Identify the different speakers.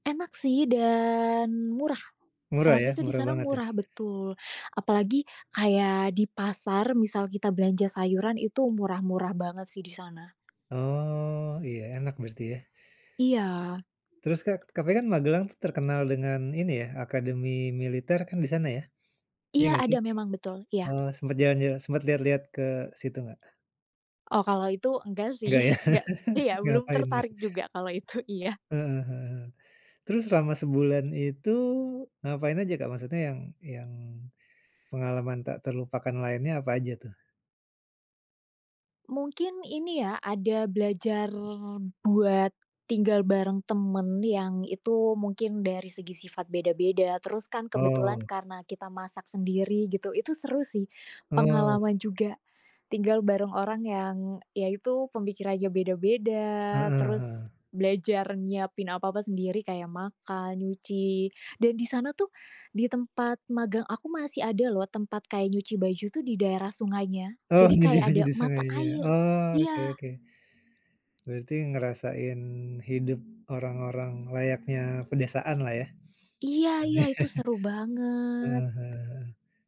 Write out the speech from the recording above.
Speaker 1: Enak sih, dan murah.
Speaker 2: Murah,
Speaker 1: Enaknya
Speaker 2: ya?
Speaker 1: tuh di
Speaker 2: Murah
Speaker 1: sana tuh
Speaker 2: banget, ya?
Speaker 1: murah betul. Apalagi kayak di pasar, misal kita belanja sayuran itu murah-murah banget sih di sana.
Speaker 2: Oh, iya. Enak berarti, ya?
Speaker 1: Iya.
Speaker 2: Terus Kak, katanya Magelang tuh terkenal dengan, ini ya, akademi militer kan di sana, ya? Iya,
Speaker 1: Iya,
Speaker 2: nggak sih?
Speaker 1: ada, memang betul. Iya.
Speaker 2: Eee, sempet jalan-jalan sempet lihat-lihat ke situ nggak?
Speaker 1: Oh, kalau itu enggak sih,
Speaker 2: Enggak, ya?
Speaker 1: enggak iya, belum
Speaker 2: Ngapain, ya?
Speaker 1: tertarik juga kalau itu iya.
Speaker 2: Heeh heeh. Terus selama sebulan itu, ngapain aja, Kak? Maksudnya yang yang pengalaman tak terlupakan lainnya apa aja, tuh?
Speaker 1: Mungkin ini ya, ada belajar buat tinggal bareng temen, yang itu mungkin dari segi sifat beda-beda, terus kan kebetulan
Speaker 2: Oh.
Speaker 1: karena kita masak sendiri gitu, itu seru sih.
Speaker 2: Oh.
Speaker 1: Pengalaman juga. Tinggal bareng orang yang ya, itu, pemikirannya beda-beda,
Speaker 2: Heeh heeh.
Speaker 1: terus belajar nyiapin apa-apa sendiri kayak makan, nyuci, dan di sana tuh di tempat magang aku masih ada loh tempat kayak nyuci baju tuh di daerah sungainya.
Speaker 2: Oh,
Speaker 1: Jadi,
Speaker 2: nyuci
Speaker 1: kayak
Speaker 2: baju
Speaker 1: ada
Speaker 2: di
Speaker 1: mata
Speaker 2: sungainya.
Speaker 1: air,
Speaker 2: Oh, oke
Speaker 1: iya.
Speaker 2: oke. Berarti ngerasain hidup orang-orang layaknya pedesaan lah, ya?
Speaker 1: Iya iya, itu seru banget.
Speaker 2: Heeh heeh heeh.